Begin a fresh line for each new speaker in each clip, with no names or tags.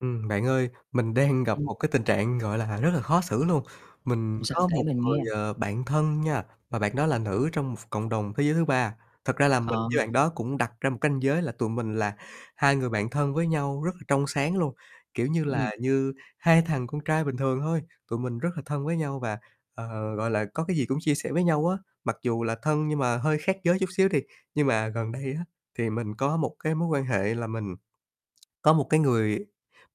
Ừm, bạn ơi, mình đang gặp
Ưm.
một cái tình trạng, gọi là, rất là khó xử luôn. Mình
Sao?
có
Kể
một
mình
người,
nghe.
ờ, bạn thân nha và bạn đó là nữ trong một ph cộng đồng thế giới thứ ba. Thật ra là mình
Ờ.
với bạn đó cũng đặt ra một canh giới là tụi mình là hai người bạn thân với nhau rất là trong sáng luôn, kiểu như là,
Ừm.
như hai thằng con trai bình thường thôi, tụi mình rất là thân với nhau và, ờ, gọi là, có cái gì cũng chia sẻ với nhau á, mặc dù là thân nhưng mà hơi khác giới chút xíu đi. Nhưng mà gần đây á thì mình có một cái mối quan hệ là mình có một cái người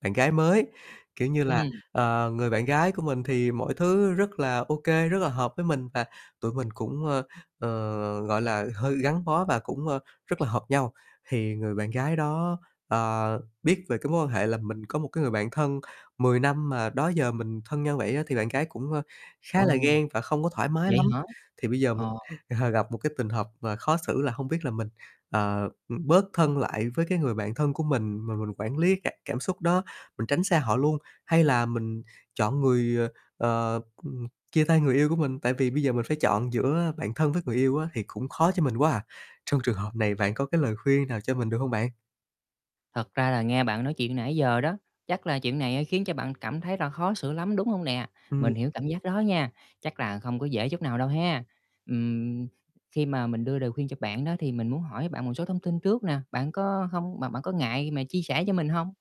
bạn gái mới, kiểu như là,
Ừm.
ờ, người bạn gái của mình thì mọi thứ rất là ô kê, rất là hợp với mình và tụi mình cũng, ơ, ờ, gọi là, hơi gắn bó và cũng, ơ, rất là hợp nhau, thì người bạn gái đó, ờ, biết về cái mối quan hệ là mình có một cái người bạn thân 10 năm mà đó giờ mình thân nhau vậy á, thì bạn gái cũng, ơ, khá là
Ồ.
ghen và không có thoải mái
Vậy
lắm.
hả?
Thì bây giờ mình,
Ờ.
ờ, gặp một cái tình hợp mà khó xử là hông biết là mình, ờ, ừm, bớt thân lại với cái người bạn thân của mình mà mình quản lý cả cảm xúc đó, mình tránh xa họ luôn hay là mình chọn người, ờ, ờ, ừm chia tay người yêu của mình, tại vì bây giờ mình phải chọn giữa bạn thân với người yêu á, thì cũng khó cho mình quá à. Trong trường hợp này bạn có cái lời khuyên nào cho mình được hông bạn?
Thật ra là nghe bạn nói chuyện nãy giờ đó, chắc là chuyện này á, khiến cho bạn cảm thấy là khó xử lắm, đúng hông nè?
Ừm.
Mình hiểu cảm giác đó nha, chắc là không có dễ chút nào đâu ha. Ừm, khi mà mình đưa lời khuyên cho bạn đó thì mình muốn hỏi bạn một số thông tin trước nè, bạn có hông bạn bạn có ngại mà chia sẻ cho mình hông?